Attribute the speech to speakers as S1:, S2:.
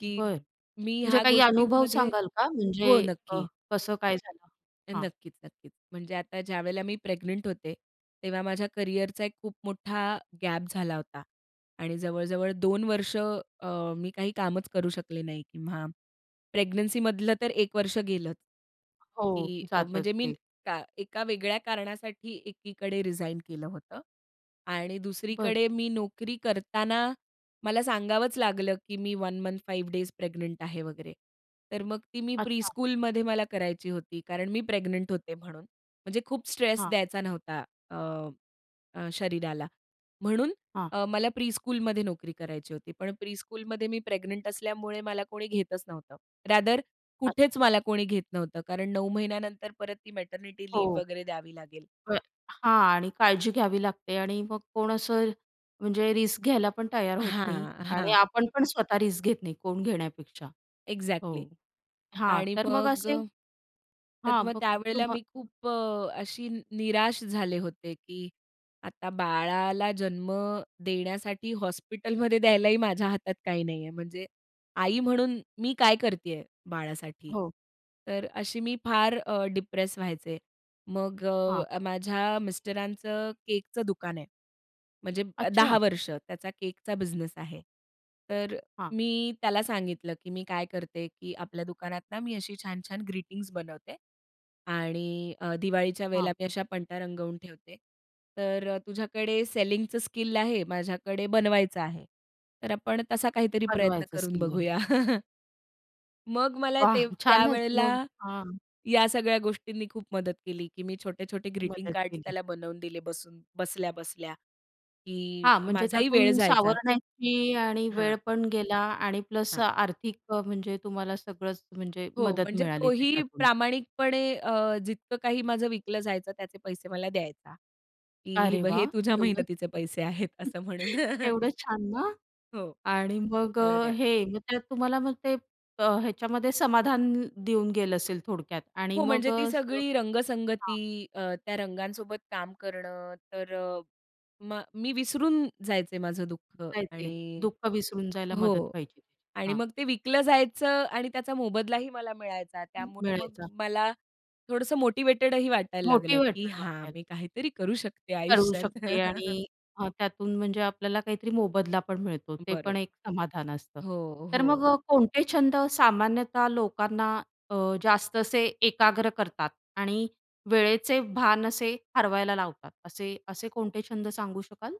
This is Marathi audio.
S1: की
S2: बरं,
S1: मी
S2: म्हणजे
S1: ह्या
S2: काही अनुभव
S1: गोष्टींमध्ये
S2: सांगाल का म्हणजे
S1: हो,
S2: अ,
S1: नक्की.
S2: कसं काय झालं?
S1: अ,
S2: हां.
S1: नक्कीच नक्कीच, म्हणजे आता ज्यावेळेला मी प्रेग्नंट होते, तेव्हा माझ्या करिअरचा एक खूप मोठा गॅप झाला होता आणि जवळ-जवळ 2 वर्ष, अ, मी काही कामच करू शकले नाही किंवा प्रेग्नन्सीमधलं तर 1 वर्ष गेलंच,
S2: हो,
S1: की अ, म्हणजे
S2: जातच
S1: मी
S2: ते.
S1: का एका वेगळ्या कारणासाठी एकीकडे रिझाइन केलं होतं आणि
S2: बरं.
S1: दुसरीकडे मी नोकरी करताना मला सांगावंच लागलं, की मी 1 मंथ, 5 डेज प्रेग्नंट आहे वगैरे. तर मग ती मी
S2: अच्छा.
S1: प्रीस्कूलमध्ये मला करायची होती कारण मी प्रेग्नंट होते म्हणून, म्हणजे खूप स्ट्रेस
S2: हां.
S1: द्यायचा नव्हता अ, अ, शरीराला. म्हणून
S2: हां.
S1: अ, मला प्रीस्कूलमध्ये नोकरी करायची होती, पण प्रीस्कूलमध्ये मी प्रेग्नंट असल्यामुळे मला कोणी घेतच नव्हतं, रादर
S2: अच्छा.
S1: कुठेच मला कोणी घेत नव्हतं कारण 9 महिन्यानंतर परत ती मॅटर्निटी लिव्ह
S2: हो.
S1: वगैरे द्यावी लागेल.
S2: बरं हां आणि काळजी घ्यावी लागते आणि मग कोण असं म्हणजे रिस्क घ्यायला पण तयार होत नाही
S1: हां,
S2: आणि
S1: हां.
S2: आपण पण स्वतः रिस्क घेत नाही कोण घेण्यापेक्षा.
S1: एक्झॅक्टली.
S2: हो. हां.
S1: आणि
S2: तर मग
S1: मग
S2: असे
S1: अ, तर
S2: हां,
S1: मग
S2: बघ
S1: त्यावेळेला
S2: तुम्हा
S1: मी खूप अ, अशी निराश झाले होते, की आता बाळाला जन्म देण्यासाठी हॉस्पिटलमध्ये द्यायलाही माझ्या हातात काही नाहीये. म्हणजे आई म्हणून मी काय करतीये बाळासाठी?
S2: हो.
S1: तर अशी मी फार अ, डिप्रेस व्हायचे. मग अ,
S2: हां.
S1: अ, माझ्या मिस्टरांचं केकचं दुकान आहे, म्हणजे अ, 10
S2: अच्छा.
S1: वर्ष त्याचा केकचा बिझनेस आहे. तर
S2: हां.
S1: मी त्याला सांगितलं, की मी काय करते, की आपल्या दुकानात ना मी अशी छान-छान ग्रीटिंग्ज बनवते आणि अ, दिवाळीच्या
S2: हां.
S1: वेळेला मी अशा पणत्या रंगवून ठेवते, तर अ, तुझ्याकडे सेलिंगचं स्किल आहे, माझ्याकडे बनवायचं आहे, तर आपण तसा काहीतरी प्रयत्न
S2: बनवायचं
S1: करून
S2: स्किल आहे.
S1: बघूया. मग मला ते
S2: वाह! छानच मग
S1: त्यावेळेला
S2: हां.
S1: या सगळ्या गोष्टींनी खूप मदत केली, की मी छोटे-छोटे ग्रीटिंग
S2: मदत
S1: कार्ड्स
S2: केली.
S1: त्याला बनवून दिले बसून बसल्या-बसल्या की
S2: हां, म्हणजे
S1: माझाही वेळ
S2: त्यातून
S1: जायचा.
S2: सावरण्याची आणि वेळ
S1: हां.
S2: पण गेला आणि प्लस अ,
S1: हां.
S2: आर्थिक अ, म्हणजे तुम्हाला सगळंच म्हणजे
S1: हो,
S2: मदत
S1: म्हणजे
S2: मिळाली
S1: तोही
S2: त्याच्यातून.
S1: प्रामाणिकपणे अ, जितकं काही माझं विकलं जायचं, त्याचे पैसे मला द्यायचा, की "हे
S2: अरे,
S1: बघ हे
S2: वाह!
S1: तुझ्या
S2: केवढं
S1: मेहनतीचे पैसे आहेत," असं म्हणून.
S2: केवढं छान ना!
S1: हो,
S2: आणि
S1: तो
S2: मग
S1: मला
S2: अ,
S1: द्याय
S2: हे, मग त्यात तुम्हाला मग ते अ, ह्याच्यामध्ये समाधान देऊन गेलं असेल थोडक्यात आणि
S1: हो,
S2: मग
S1: म्हणजे
S2: अ,
S1: ती
S2: असं
S1: सगळी
S2: हां.
S1: रंगसंगती अ, त्या रंगांसोबत काम करणं, तर अ, मग मी विसरून जायचे माझं दुःख
S2: जायचे.
S1: आणि
S2: दुःख विसरून जायला मदत
S1: हो.
S2: व्हायची त्याची.
S1: आणि
S2: हां.
S1: मग ते विकलं जायचं आणि त्याचा मोबदलाही मला मिळायचा.
S2: म
S1: त्यामुळे मग
S2: मिळायचा.
S1: मला थोडंसं मोटिव्हेटेडही वाटायला लागलं, की
S2: मोटिव्हेटेड
S1: हां,
S2: वाटायचं.
S1: मी काहीतरी करू शकते
S2: करू
S1: आयुष्यात.
S2: शकते आणि अ, त्यातून म्हणजे आपल्याला काहीतरी मोबदला पण मिळतो, ते पण
S1: बरोबर.
S2: एक समाधान असतं.
S1: हो,
S2: तर
S1: हो.
S2: मग अ, कोणते छंद सामान्यतः लोकांना अ, जास्त असे एकाग्र करतात आणि वेळेचे भान असे हरवायला लावतात, असे असे कोणते छंद सांगू शकाल?